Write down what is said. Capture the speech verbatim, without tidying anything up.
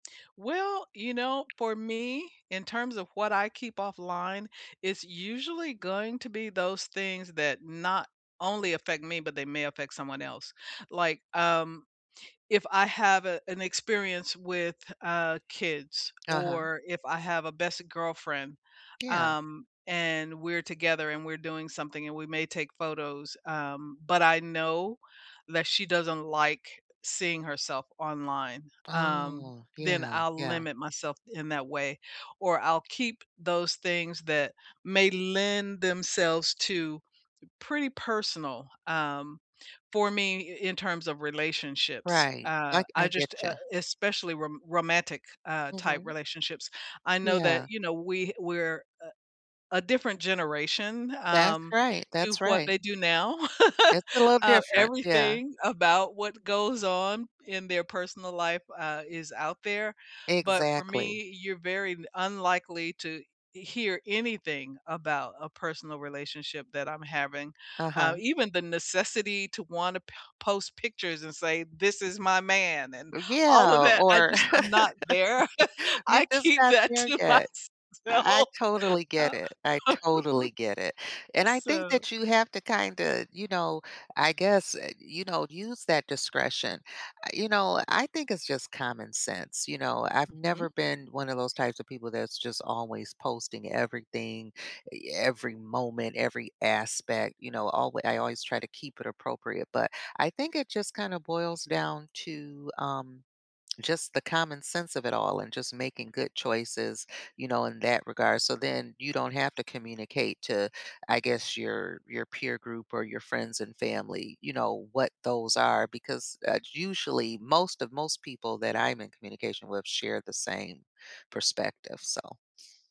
Well, you know, for me, in terms of what I keep offline, it's usually going to be those things that not only affect me, but they may affect someone else. Like, um, if I have, uh, an experience with, uh, kids Uh-huh. or if I have a best girlfriend, Yeah. um, and we're together and we're doing something, and we may take photos, um, but I know that she doesn't like seeing herself online, um, Oh, then yeah, I'll yeah. limit myself in that way, or I'll keep those things that may lend themselves to pretty personal, um for me i in terms of relationships, Right, uh, like, I I just, uh getcha. especially rom romantic, uh, type Mhm. relationships, I know that, Yeah. you know, we we're a a different generation, That's um, right, to that's what right. they do now. It's a little Uh, different, yeah. everything about what goes on in their personal life, uh, is out there, but for Exactly. me, you're very d unlikely to e hear anything about a personal relationship that I'm having. Uh, Uh-huh. even the necessity to wanna po post pictures and say, "This is my man," and Mm all of Yeah, that, I or just I'm not there. you're I just keep not that there to yet. I myself, totally uh, get it, I totally get it, and I think so that you have to kinda, you know I guess, eh you know, use that discretion. Eh, you know, I think it's just common sense. You know, I've never Mhm. been one of those types of people that's just always posting everything, e every moment, every aspect. You know, alway I always try to keep it appropriate, but I think it just kinda boils down to, um, just the common sense of it all and just making good choices, you know, in that regard, so then you don't have to communicate to, I guess, your your peer group, or your friends and family, you know, what those are because, uh, usually most of most people that I'm in communication with share the same perspective, so